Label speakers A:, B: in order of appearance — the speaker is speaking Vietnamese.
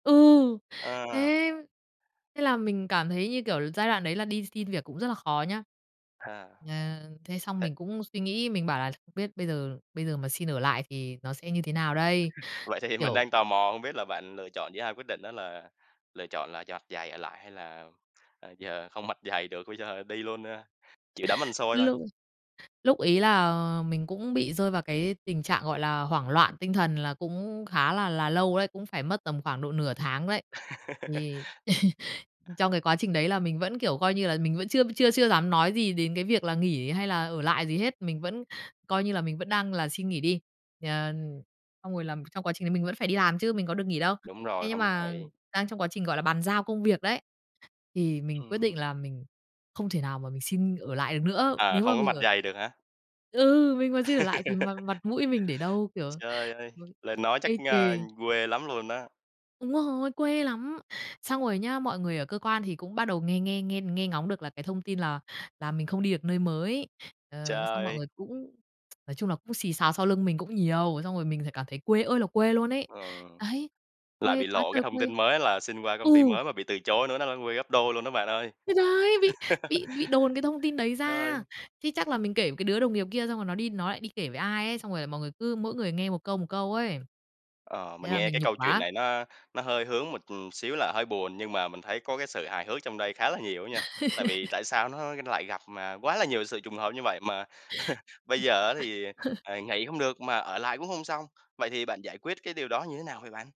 A: Ừ,
B: À.
A: thế! Thế là mình cảm thấy, như kiểu là, giai đoạn đấy là đi xin việc cũng rất là khó nhá,
B: À,
A: ờ, thế xong
B: ê.
A: mình cũng suy nghĩ, mình bảo là "Không biết bây giờ bây giờ mà xin ở lại thì nó sẽ như thế nào
B: Vậy thì mình
A: Kiểu
B: đang tò mò, không biết là bạn lựa chọn giữa hai quyết định đó là lựa chọn là dặt dày ở lại hay là, à, giờ không mặt dày được, bây giờ đi luôn ha, chịu đấm ăn xôi thôi.
A: Lúc lúc ấy là, ờ, mình cũng bị rơi vào cái tình trạng, gọi là, hoảng loạn tinh thần, là cũng khá là là lâu đấy, cũng phải mất tầm khoảng độ nửa tháng đấy. Thì trong cái quá trình đấy là mình vẫn, kiểu, coi như là mình vẫn chưa chưa chưa dám nói gì đến cái việc là nghỉ hay là ở lại gì hết, mình vẫn coi như là mình vẫn đang là xin nghỉ đi, ờ, xong rồi là, trong quá trình đấy mình vẫn phải đi làm chứ, mình có được nghỉ đâu.
B: Đúng
A: Thế
B: rồi,
A: nhưng
B: không được
A: mà
B: nghỉ.
A: đang trong quá trình, gọi là, bàn giao công việc đấy thì mình quyết
B: Ừm.
A: định là mình không thể nào mà mình xin ở lại được nữa,
B: Ờ,
A: nếu mà
B: không có
A: mình
B: mặt
A: ở
B: dày được hả?
A: Ừ, mình mà xin ở lại thì mặt mặt mũi mình để đâu, kiểu,
B: Trời ơi,
A: ừ,
B: lên nói chắc,
A: ê
B: a,
A: chề.
B: quê lắm luôn á.
A: Đúng rồi, quê lắm! Xong rồi nhá, mọi người ở cơ quan thì cũng bắt đầu nghe nghe nghe nghe ngóng được là cái thông tin là là mình không đi được nơi mới, ờ, xong mọi
B: Trời!
A: người cũng nói chung là cũng xì xào sau lưng mình cũng nhiều, xong rồi mình th cảm thấy quê ơi là quê luôn ấy.
B: Ừ.
A: Đấy,
B: Lại
A: quê
B: bị
A: quá
B: lộ cái
A: trời
B: thông
A: quê
B: tin mới á là xin qua công ty
A: ừ!
B: mới mà bị từ chối nữa nó nó quê gấp đôi luôn đó bạn ơi.
A: Thì đấy! Bị bị bị đồn cái thông tin đấy
B: Rồi.
A: ra, chứ chắc là mình kể với cái đứa đồng nghiệp kia xong rồi nó đi nó lại đi kể với ai ấy, xong rồi là mọi người cứ mỗi người nghe 1 câu, 1 câu ấy,
B: Ờ,
A: thế
B: mình
A: là
B: nghe
A: mình
B: cái
A: nhục
B: câu chuyện
A: quá.
B: này nó nó hơi hướng một, ừm, xíu là hơi buồn, nhưng mà mình thấy có cái sự hài hước trong đây khá là nhiều á nha. Tại vì tại sao nó lại gặp, à, quá là nhiều sự trùng hợp như vậy mà bây giờ á thì, à, nghỉ hông được mà ở lại cũng hông xong, vậy thì bạn giải quyết cái điều đó như thế nào vậy bạn?